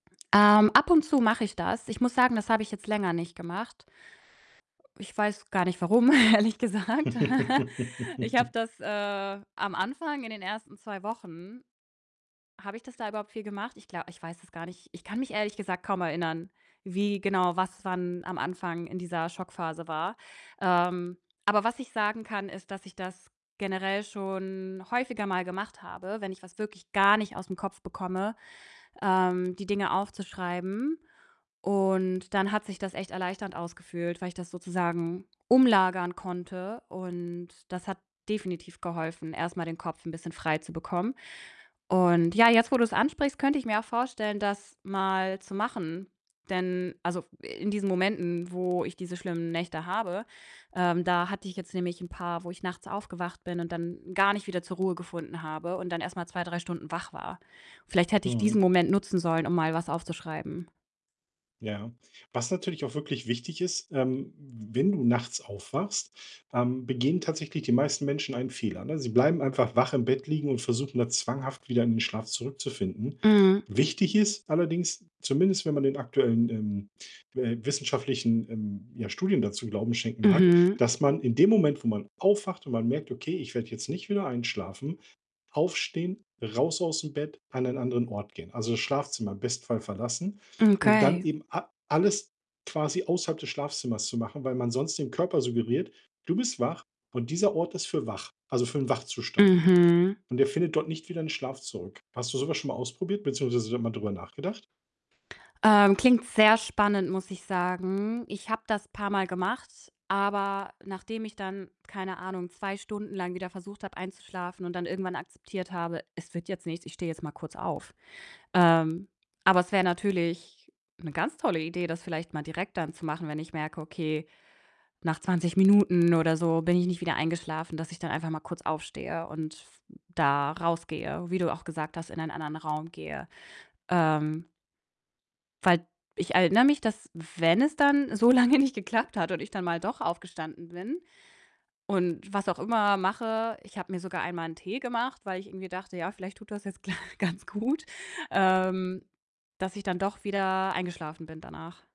Ähm, ab und zu mache ich das. Ich muss sagen, das habe ich jetzt länger nicht gemacht. Ich weiß gar nicht warum, ehrlich gesagt. Ich habe das, äh, am Anfang, in den ersten 2 Wochen habe ich das da überhaupt viel gemacht? Ich gla ich weiß es gar nicht. Ich kann mich ehrlich gesagt kaum erinnern, wie genau was wann am Anfang in dieser Schockphase war. Ähm, aber was ich sagen kann, ist, dass ich das generell schon häufiger mal gemacht habe, wenn ich was wirklich gar nicht aus'm Kopf bekomme, ähm, die Dinge aufzuschreiben und dann hat sich das echt erleichternd angefühlt, weil ich das sozusagen umlagern konnte, und das hat definitiv geholfen, erst mal den Kopf 'n bisschen frei zu bekommen und ja, jetzt wo du's ansprichst, könnte ich mir auch vorstellen, das mal zu machen. Denn also, f in diesen Momenten, wo ich diese schlimmen Nächte habe ähm, da hatte ich jetzt nämlich 'n paar, wo ich nachts aufgewacht bin und dann gar nicht wieder zur Ruhe gefunden habe und dann erst mal 2, 3 Stunden wach war. Vielleicht hätte ich diesen Mhm. Moment nutzen sollen, um mal was aufzuschreiben. Ja. Was natürlich auch wirklich wichtig ist, ähm, w wenn du nachts aufwachst ähm, begehen tatsächlich die meisten Menschen einen Fehler, ne? Sie bleiben einfach wach im Bett liegen und versuchen dann zwanghaft wieder in den Schlaf zurückzufinden. Mhm. Wichtig ist allerdings, zumindest wenn man den aktuellen, ähm, äh, wissenschaftlichen, ähm, ja, Studien dazu Glauben schenken mag, Mhm. dass man in dem Moment, wo man aufwacht und man merkt, „Okay, ich werde jetzt nicht wieder einschlafen“ aufstehen, raus aus'm Bett, an einen anderen Ort gehen. Also, das Schlafzimmer im besten Fall verlassen Hm, und dann okay. eben a alles quasi außerhalb des Schlafzimmers zu machen, weil man sonst dem Körper suggeriert: „Du bist wach und dieser Ort ist für wach, also für 'n Wachzustand.“ Mhm. Und der findet dort nicht wieder in Schlaf zurück. Hast du so was schon mal ausprobiert beziehungsweise da mal drüber nachgedacht? Ähm, klingt sehr spannend, muss ich sagen. Ich habe das paarmal gemacht, aber nachdem ich dann, keine Ahnung, 2 Stunden lang wieder versucht habe einzuschlafen und dann irgendwann akzeptiert habe: „Es wird jetzt nichts, ich stehe jetzt mal kurz auf.“ Ähm, aber es wäre natürlich 'ne ganz tolle Idee, das vielleicht mal direkt dann zu machen, wenn ich merke: „Okay, nach 20 Minuten oder so bin ich nicht wieder eingeschlafen“, dass ich dann einfach mal kurz aufstehe und f da rausgehe, wie du auch gesagt hast, in einen anderen Raum gehe. Ähm weil d erinnere mich, dass wenn es dann so lange nicht geklappt hat und ich dann mal doch aufgestanden bin und was auch immer mache, ich habe mir sogar einmal 'n Tee gemacht, weil ich irgendwie dachte: „Ja, vielleicht tut das jetzt gl ganz gut“, ähm, dass ich dann doch wieder eingeschlafen bin danach.